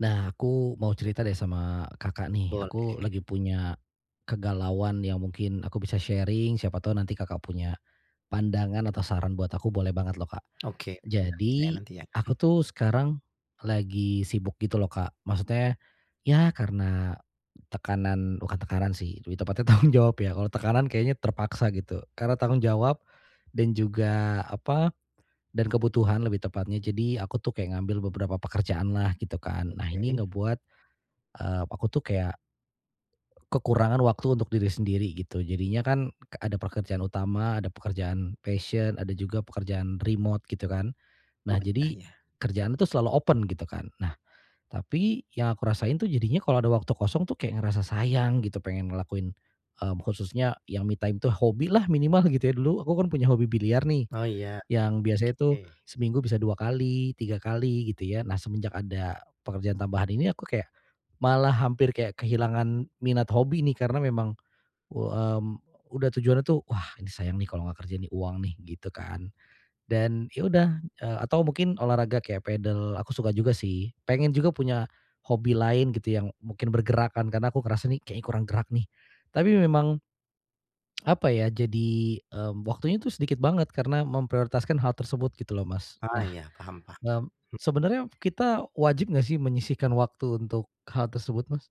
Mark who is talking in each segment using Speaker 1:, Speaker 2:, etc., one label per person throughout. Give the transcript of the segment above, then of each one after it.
Speaker 1: Nah, aku mau cerita deh sama Kakak nih
Speaker 2: Boleh.
Speaker 1: aku lagi punya, kegalauan yang mungkin aku bisa sharing, siapa tahu nanti Kakak punya pandangan atau saran buat aku boleh banget loh, Kak.
Speaker 2: Oke mudah-mudahan bisa ya
Speaker 1: Jadi,
Speaker 2: nanti ya.
Speaker 1: aku
Speaker 2: Mh
Speaker 1: tuh sekarang lagi sibuk gitu loh Kak, maksudnya ya karena tekanan bukan tekanan sih, lebih tepatnya tanggung jawab ya. Kalau tekanan kayaknya terpaksa gitu. Karena
Speaker 2: Apa
Speaker 1: tanggung jawab,
Speaker 2: tuh?
Speaker 1: dan juga, apa, dan kebutuhan lebih tepatnya. Jadi aku tuh kayak ngambil beberapa pekerjaanlah gitu kan, nah ini
Speaker 2: Oke.
Speaker 1: ngebuat, eee, aku tuh kayak k kekurangan waktu untuk diri sendiri gitu. Jadinya kan k ada pekerjaan utama, ada pekerjaan passion, ada juga pekerjaan remote gitu kan.
Speaker 2: Oh
Speaker 1: Nah
Speaker 2: iya
Speaker 1: jadi,
Speaker 2: iya.
Speaker 1: kerjaannya tuh selalu open gitu kan. Nah, tapi yang aku rasain tuh jadinya kalau ada waktu kosong tuh kayak ngerasa sayang gitu pengen ngelakuin, mmm, khususnya yang me time itu hobi lah minimal gitu ya. Dulu aku kan punya hobi biliar nih,
Speaker 2: Oh iya,
Speaker 1: yang biasanya tuh
Speaker 2: oke.
Speaker 1: seminggu bisa 2 kali, 3 kali, gitu ya. Nah, semenjak ada pekerjaan tambahan ini aku kayak, malah hampir kayak kehilangan minat hobi nih karena memang u m udah tujuannya tuh, "Wah, ini sayang nih kalau enggak kerja nih uang nih," gitu kan. Dan ya udah, eee, atau mungkin olahraga kayak padel aku suka juga sih pengen juga punya, hobi lain gitu yang mungkin bergerak kan karena aku ngerasa nih kayaknya kurang gerak nih, tapi memang, apa ya? Jadi, mmm, waktunya tuh sedikit banget karena memprioritaskan hal tersebut gitu loh Mas.
Speaker 2: Ah,
Speaker 1: Nah,
Speaker 2: ya paham paham,
Speaker 1: mmm,
Speaker 2: mhm.
Speaker 1: sebenarnya kita wajib enggak sih menyisihkan waktu untuk hal tersebut Mas?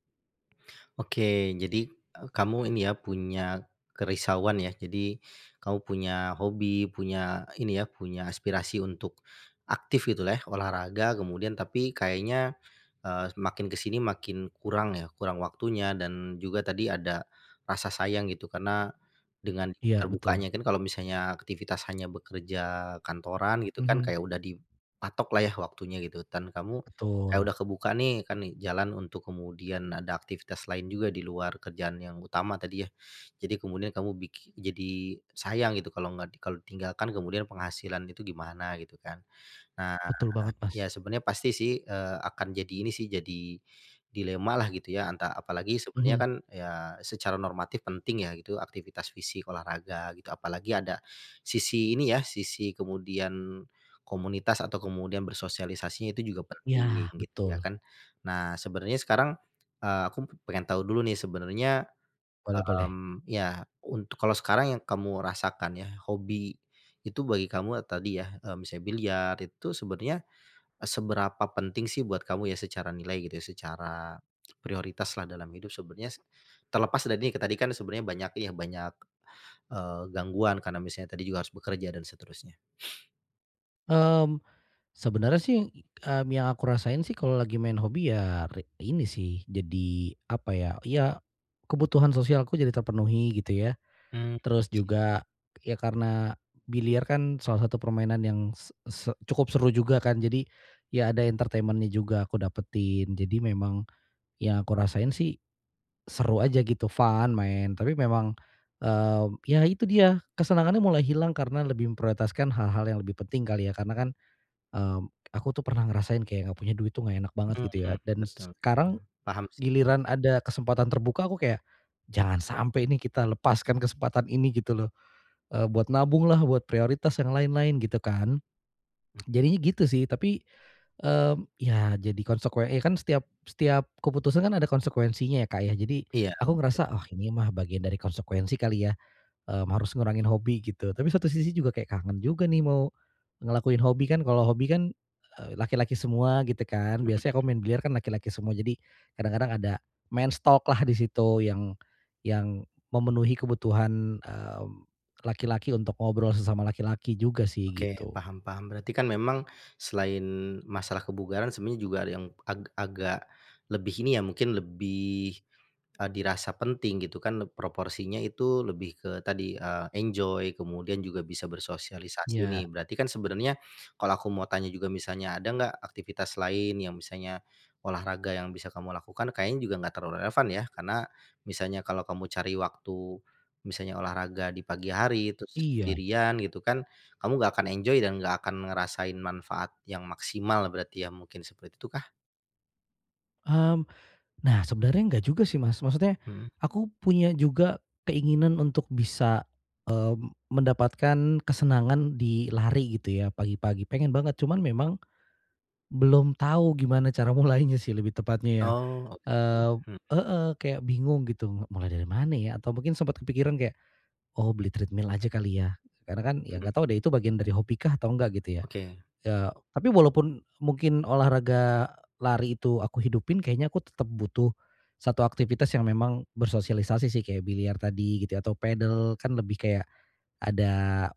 Speaker 2: Oke. Jadi e kamu ini ya, punya kerisauan ya. Jadi kamu punya hobi, punya ini ya, punya aspirasi untuk aktif gitu lah ya, olahraga, kemudian tapi kayaknya, eee, makin ke sini makin kurang ya, kurang waktunya dan juga tadi ada rasa sayang gitu. Karena dengan di
Speaker 1: Iya, betul.
Speaker 2: terbukanya, kan kalau misalnya aktivitas hanya bekerja kantoran gitu kan
Speaker 1: Mhm.
Speaker 2: kayak udah dipatok lah ya, waktunya gitu. Dan kamu kayak
Speaker 1: Betul.
Speaker 2: udah kebuka nih kan nih jalan untuk kemudian ada aktivitas lain juga di luar kerjaan yang utama tadi ya. Jadi kemudian kamu biki jadi sayang gitu, kalau enggak di kalau ditinggalkan kemudian penghasilan itu gimana gitu kan. Nah,
Speaker 1: Betul banget, Mas.
Speaker 2: ya sebenarnya pasti sih, eee, akan jadi ini sih, jadi dilema lah gitu ya. Anta apalagi sebenarnya
Speaker 1: Mhm.
Speaker 2: kan ya, secara normatif penting ya gitu, aktivitas fisik, olahraga gitu. Apalagi ada sisi ini ya, sisi kemudian komunitas atau kemudian bersosialisasinya itu juga penting
Speaker 1: Ya,
Speaker 2: gitu, ya
Speaker 1: betul.
Speaker 2: kan? Nah, sebenarnya sekarang, eee, aku p p pengen tahu dulu nih, sebenarnya,
Speaker 1: Boleh-boleh.
Speaker 2: mmm iya, untuk kalau sekarang yang kamu rasakan ya, hobi itu bagi kamu e tadi ya, m misalnya biliar itu sebenarnya e seberapa penting sih buat kamu ya, secara nilai gitu ya, secara prioritas lah dalam hidup sebenarnya, s terlepas dari ini, tadi kan sebenarnya banyak ya, banyak, eee, gangguan karena misalnya tadi juga harus bekerja dan seterusnya.
Speaker 1: Mmm, sebenarnya sih, mmm, yang aku rasain sih kalau lagi main hobi ya ri ini sih jadi, apa ya, ya kebutuhan sosialku jadi terpenuhi gitu ya.
Speaker 2: Mmm mhm,
Speaker 1: Terus
Speaker 2: iya.
Speaker 1: juga, ya karena biliar kan salah satu permainan yang s se cukup seru juga kan. Jadi, ya ada entertainment-nya juga aku dapetin. Jadi, memang yang aku rasain sih seru aja gitu, fun, main, tapi memang, eee, ya itu dia, kesenangannya mulai hilang karena lebih memprioritaskan hal-hal yang lebih penting kali ya. Karena kan, mmm, aku tuh pernah ngerasain kayak enggak punya duit tuh enggak enak banget
Speaker 2: Hmm
Speaker 1: gitu ya
Speaker 2: hmm.
Speaker 1: dan s
Speaker 2: Betul,
Speaker 1: sekarang
Speaker 2: paham sih,
Speaker 1: giliran
Speaker 2: hmm.
Speaker 1: ada kesempatan terbuka, aku kayak, "Jangan sampai ini kita lepaskan kesempatan ini." Gitu loh, eee, buat nabunglah, buat prioritas, yang lain-lain gitu kan.
Speaker 2: Hmm.
Speaker 1: Jadinya gitu sih, tapi, mmm, ya jadi konsekue e kan setiap setiap keputusan kan ada konsekuensinya Kak, ya? Jadi
Speaker 2: Iya,
Speaker 1: aku ngerasa,
Speaker 2: heeh.
Speaker 1: "Oh, ini mah bagian dari konsekuensi kali ya," mmm, "harus ngurangin hobi," gitu. Tapi satu sisi juga kayak kangen juga nih mau ngelakuin hobi. Kan, kalau hobi kan, eee, laki-laki semua gitu kan, biasanya kalau
Speaker 2: Hmm.
Speaker 1: main biliar kan laki-laki semua, jadi kadang-kadang ada men's talk-lah di situ yang yang memenuhi kebutuhan, mmm, laki-laki untuk ngobrol sesama laki-laki juga sih,
Speaker 2: Oke,
Speaker 1: gitu.
Speaker 2: paham paham. Berarti kan memang selain masalah kebugaran, sebenarnya juga ada yang ag agak lebih ini ya, mungkin lebih, eee, dirasa penting gitu kan leb proporsinya itu lebih ke tadi, eee, enjoy, kemudian juga bisa bersosialisasi
Speaker 1: Iya.
Speaker 2: nih. Berarti kan sebenernya, kalau aku mau tanya juga misalnya, ada enggak aktivitas lain yang misalnya olahraga yang bisa kamu lakukan kayaknya juga enggak terlalu relevan, ya? Karena misalnya kalau kamu cari waktu, misalnya olahraga di pagi hari, terus
Speaker 1: Iya.
Speaker 2: sendirian gitu kan, kamu enggak akan enjoy, dan enggak akan ngerasain manfaat yang maksimal berarti, ya? Mungkin seperti itukah?
Speaker 1: Mmm, nah sebenarnya enggak juga sih Mas maksudnya,
Speaker 2: Mhm.
Speaker 1: aku punya juga keinginan untuk bisa, eee, mendapatkan kesenangan di lari gitu ya pagi-pagi pengen banget cuman memang. Belum tahu gimana cara mulainya sih lebih tepatnya ya,
Speaker 2: Oh oke,
Speaker 1: eee,
Speaker 2: mhm.
Speaker 1: heeh, kayak bingung gitu mulai dari mana ya? Atau mungkin sempet kepikiran kayak, "Oh beli treadmill aja kali ya," karena kan ya enggak
Speaker 2: Mhm.
Speaker 1: tahu deh itu bagian dari hobi kah atau enggak gitu ya,
Speaker 2: Oke.
Speaker 1: eee, tapi walaupun mungkin olahraga lari itu aku hidupin kayaknya aku tetep butuh, 1 aktivitas yang memang bersosialisasi sih kayak biliar tadi gitu ya atau padel kan lebih kayak, ada,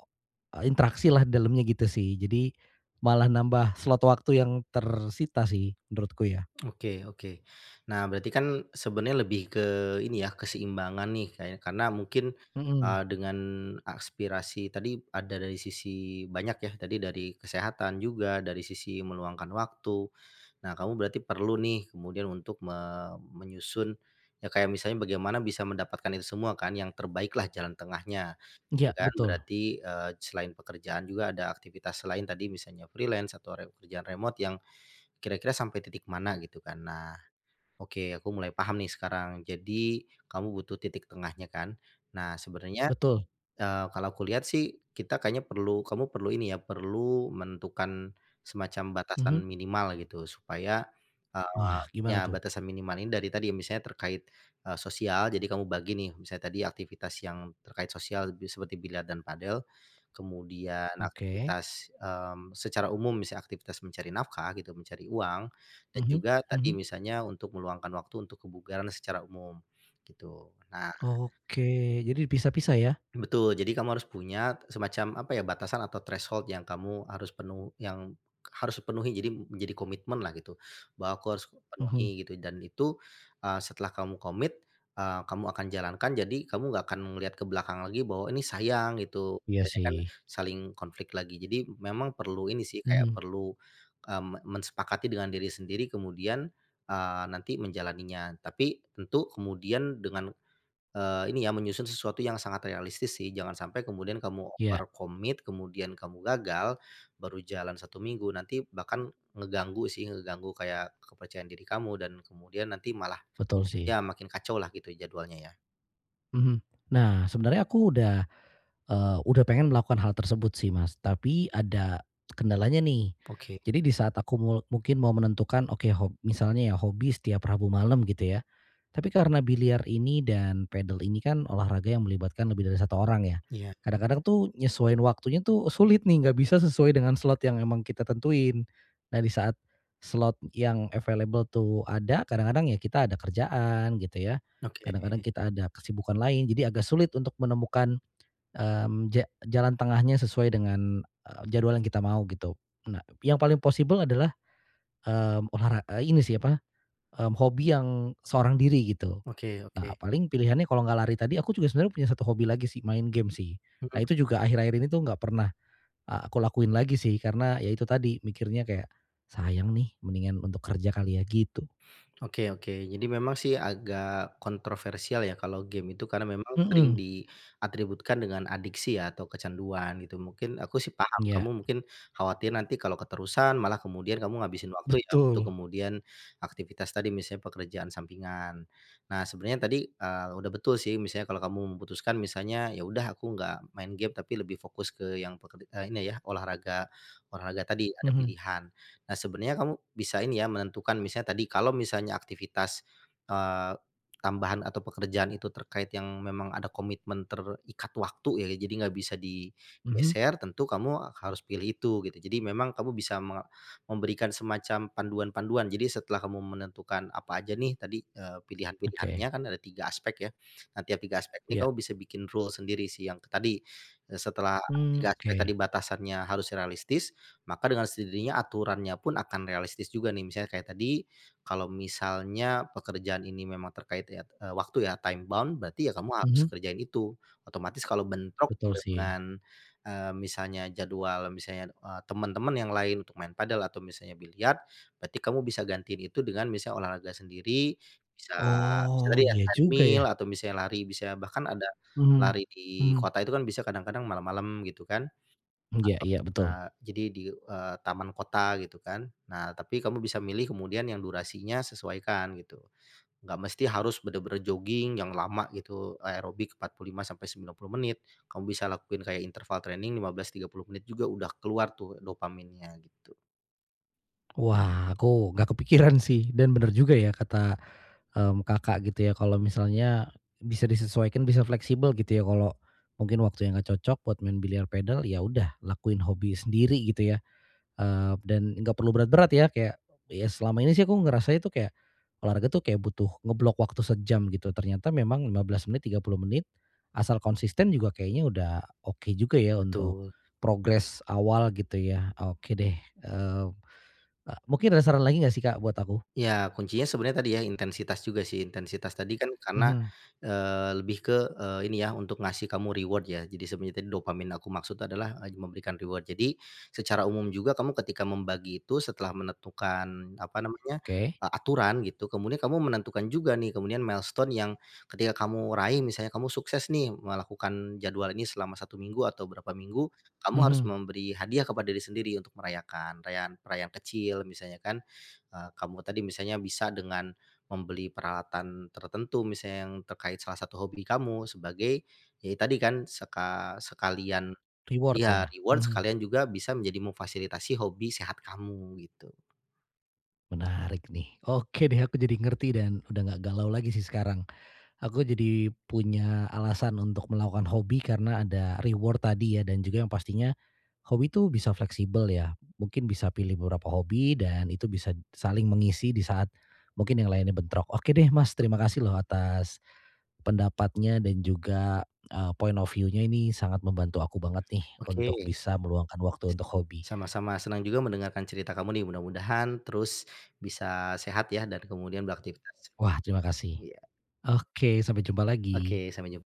Speaker 1: eee, interaksi lah di dalamnya gitu sih jadi, malah nambah slot waktu yang tersita sih menurutku ya.
Speaker 2: Oke oke. Nah berarti kan sebenernya lebih ke ini ya keseimbangan nih, kayak karena mungkin, eee,
Speaker 1: Mhm.
Speaker 2: dengan aspirasi tadi ada dari sisi banyak ya tadi dari kesehatan juga dari sisi meluangkan waktu, nah kamu berarti perlu nih kemudian untuk me menyusun, ya kayak misalnya bagaimana bisa mendapatkan itu semua kan yang terbaik lah jalan tengahnya, gitu
Speaker 1: Iya
Speaker 2: kan.
Speaker 1: betul.
Speaker 2: Berarti, eee, selain pekerjaan juga ada aktivitas selain tadi misalnya freelance atau re pekerjaan remote yang, kira-kira sampai titik mana gitu kan. Nah, oke aku mulai paham nih sekarang. Jadi, kamu butuh titik tengahnya kan? Nah sebenarnya,
Speaker 1: Betul.
Speaker 2: eee, kalau aku lihat sih, kita kayaknya perlu kamu perlu ini ya perlu menentukan, semacam
Speaker 1: Mhm.
Speaker 2: batasan minimal gitu supaya, eee
Speaker 1: Wah gimana
Speaker 2: ya
Speaker 1: tuh?
Speaker 2: batasan minimal ini dari tadi. Misalnya terkait, eee, sosial jadi kamu bagi nih misalnya tadi aktivitas yang terkait sosial be seperti biliar dan padel, kemudian
Speaker 1: Oke.
Speaker 2: aktivitas, mmm, secara umum bisa aktivitas mencari nafkah gitu mencari uang, dan
Speaker 1: Mhm
Speaker 2: juga tadi
Speaker 1: mhm.
Speaker 2: misalnya untuk meluangkan waktu untuk kebugaran secara umum, gitu. Nah
Speaker 1: Oke, jadi dipisah-pisah ya?
Speaker 2: Betul jadi kamu harus punya semacam apa ya batasan atau threshold yang kamu harus penu yang harus dipenuhi. Jadi menjadi komitmen lah gitu, "Bahwa aku harus
Speaker 1: Mhm.
Speaker 2: penuhi," gitu dan itu, eee, setelah kamu komit, eee, kamu akan jalankan jadi kamu enggak akan ngelihat ke belakang lagi bahwa ini sayang, gitu
Speaker 1: Iya
Speaker 2: banyak kan
Speaker 1: sih.
Speaker 2: saling konflik lagi. Jadi memang perlu ini sih kayak
Speaker 1: Mhm.
Speaker 2: perlu, eee, me mensepakati dengan diri sendiri kemudian, eee, nanti menjalaninya. Tapi tentu kemudian dengan, eee, ini ya menyusun sesuatu yang sangat realistis sih jangan sampai kemudian kamu
Speaker 1: Ya.
Speaker 2: overcommit kemudian kamu gagal, baru jalan 1 minggu nanti bahkan, ngeganggu sih ngeganggu kayak kepercayaan diri kamu dan kemudian nanti malah
Speaker 1: Betul sih.
Speaker 2: ya makin kacau lah gitu jadwalnya ya.
Speaker 1: Mhm. Nah sebenarnya aku udah, eee, udah pengen melakukan hal tersebut sih, Mas. Tapi ada, kendalanya nih.
Speaker 2: Oke.
Speaker 1: Jadi di saat aku mul mungkin mau menentukan oke hob misalnya ya hobi setiap Rabu malam, gitu ya. Tapi karena biliar ini dan padel ini kan olahraga yang melibatkan lebih dari satu orang ya.
Speaker 2: Iya.
Speaker 1: Kadang-kadang tuh, nyesuain waktunya tuh, sulit nih nggak bisa sesuai dengan slot yang memang kita tentuin. Nah di saat slot yang available tuh ada, kadang-kadang ya kita ada kerjaan, gitu ya. Kadang-kadang
Speaker 2: Oke.
Speaker 1: kita ada kesibukan lain. Jadi agak sulit untuk menemukan, mmm, ja jalan tengahnya sesuai dengan, e jadwal yang kita mau gitu. Nga nah yang paling possible adalah, mmm, olahra e ini sih apa, mmm, hobi yang seorang diri gitu.
Speaker 2: Oke oke.
Speaker 1: Nah paling pilihannya kalau enggak lari tadi aku juga sebenarnya punya satu hobi lagi sih, main game sih.
Speaker 2: Mhm.
Speaker 1: Nah itu juga akhir-akhir ini tuh enggak pernah, e aku lakuin lagi sih, karena ya itu tadi mikirnya kayak, "Sayang nih mendingan untuk kerja kali ya," gitu.
Speaker 2: Oke oke. Jadi memang sih agak kontroversial ya kalau game itu karena memang sering
Speaker 1: Mhm.
Speaker 2: diatributkan dengan adiksi ya atau kecanduan, gitu. Mungkin aku sih paham
Speaker 1: Iya.
Speaker 2: kamu mungkin khawatir nanti kalau keterusan malah kemudian kamu ngabisin waktu ya, untuk
Speaker 1: Betul!
Speaker 2: kemudian aktivitas tadi misalnya pekerjaan sampingan. Nah sebenarnya tadi, eee, udah betul sih misalnya kalau kamu memutuskan misalnya, ya udah aku enggak main game, tapi lebih fokus ke yang peker e ini ya olahraga, olahraga tadi ada
Speaker 1: Mhm.
Speaker 2: pilihan. Nah sebenarnya kamu bisa ini ya menentukan misalnya tadi kalau misalnya aktivitas, eee, tambahan atau pekerjaan itu terkait yang memang ada komitmen terikat waktu ya. Jadi enggak bisa
Speaker 1: Mhm.
Speaker 2: digeser, tentu kamu harus pilih itu, gitu. Jadi memang kamu bisa me memberikan semacam panduan-panduan. Jadi setelah kamu menentukan apa aja nih tadi, eee, pilihan-pilihanannya
Speaker 1: Oke.
Speaker 2: kan ada 3 aspek ya. Nah tiap 3 aspek ini
Speaker 1: Iya.
Speaker 2: kamu bisa bikin rules sendiri sih yang tadi, e setelah
Speaker 1: Mmm,
Speaker 2: tiga aspek tadi
Speaker 1: oke.
Speaker 2: batasannya harus realistis, maka dengan sendirinya aturannya pun akan realistis juga nih. Misalnya kayak tadi, kalau misalnya pekerjaan ini memang terkait ya waktu ya time bound berarti ya kamu harus
Speaker 1: Mhm.
Speaker 2: kerjain itu. Otomatis kalau bentrok
Speaker 1: Betul sih.
Speaker 2: dengan, eee, misalnya jadwal misalnya, e teman-teman yang lain untuk main padel atau misalnya biliar, berarti kamu bisa gantiin itu dengan misalnya olahraga sendiri, bisa terus
Speaker 1: Oh,
Speaker 2: tadi ya
Speaker 1: iya juga
Speaker 2: treadmill,
Speaker 1: ya.
Speaker 2: atau misalnya lari, bisa bahkan ada
Speaker 1: Mhm.
Speaker 2: lari di
Speaker 1: Mhm.
Speaker 2: kota itu kan bisa kadang-kadang malam-malam, gitu kan.
Speaker 1: Iya
Speaker 2: Atau,
Speaker 1: iya betul.
Speaker 2: eee, jadi, di eee, taman kota gitu kan. Nah, tapi kamu bisa milih kemudian yang durasinya sesuaikan, gitu. Enggak mesti harus benar-benar jogging yang lama gitu, aerobik 45 sampai 90 menit. Kamu bisa lakuin kayak interval training 15 sampai 30 menit juga udah keluar tuh dopaminnya, gitu.
Speaker 1: Wah aku enggak kepikiran sih bener juga ya kata, mmm, Kakak gitu ya kalau misalnya, bisa disesuaikan bisa fleksibel gitu ya kalau, mungkin waktunya enggak cocok buat main biliar padel ya udah lakuin hobi sendiri gitu ya, eee, dan nggak perlu berat-berat ya kayak, ya selama ini sih aku ngerasa itu kayak, olahraga tuh kayak butuh ngeblok waktu sejam gitu ternyata memang 15 menit, 30 menit, asal konsisten juga kayaknya udah oke juga ya untuk,
Speaker 2: Betul.
Speaker 1: progress awal gitu ya oke deh, eee, e mungkin ada saran lagi enggak sih Kak buat aku?
Speaker 2: Ya kuncinya sebenarnya tadi ya intensitas juga sih. Intensitas tadi kan karena,
Speaker 1: Mhm.
Speaker 2: eee, lebih ke, eee, ini ya untuk ngasih kamu reward ya jadi sebenarnya tadi dopamin aku maksud adalah, eee, memberikan reward. Jadi, secara umum juga kamu ketika membagi itu setelah menentukan, apa namanya,
Speaker 1: Oke.
Speaker 2: aturan gitu kemudian kamu menentukan juga nih kemudian milestone yang, ketika kamu raih misalnya kamu sukses nih melakukan jadwal ini selama 1 minggu atau berapa minggu, kamu harus
Speaker 1: Mhm.
Speaker 2: memberi hadiah kepada diri sendiri untuk merayakan, rayaan rayaan kecil misalnya kan, eee, kamu tadi misalnya bisa dengan membeli peralatan tertentu misalnya yang terkait salah satu hobi kamu sebagai, ya tadi kan seka sekalian
Speaker 1: Reward
Speaker 2: iya
Speaker 1: ya,
Speaker 2: reward
Speaker 1: mhm.
Speaker 2: sekalian juga bisa menjadi memfasilitasi hobi sehat kamu gitu.
Speaker 1: Menarik nih. Oke deh aku jadi ngerti dan udah enggak galau lagi sih sekarang, aku jadi punya alasan untuk melakukan hobi karena ada reward tadi ya dan juga yang pastinya, hobi itu bisa fleksibel ya mungkin bisa pilih beberapa hobi dan itu bisa saling mengisi di saat, mungkin yang lainnya bentrok. Oke deh Mas terima
Speaker 2: Dopamin.
Speaker 1: kasih loh atas, pendapatnya dan juga, eee, point of view-nya ini sangat membantu aku banget nih
Speaker 2: Oke.
Speaker 1: untuk bisa meluangkan waktu
Speaker 2: S
Speaker 1: untuk hobi.
Speaker 2: sama-sama, senang juga mendengarkan cerita kamu nih mudah-mudahan terus bisa sehat ya dan kemudian beraktivitas.
Speaker 1: Wah. terima kasih.
Speaker 2: Iya.
Speaker 1: Oke, sampai jumpa lagi.
Speaker 2: Oke, sampai jum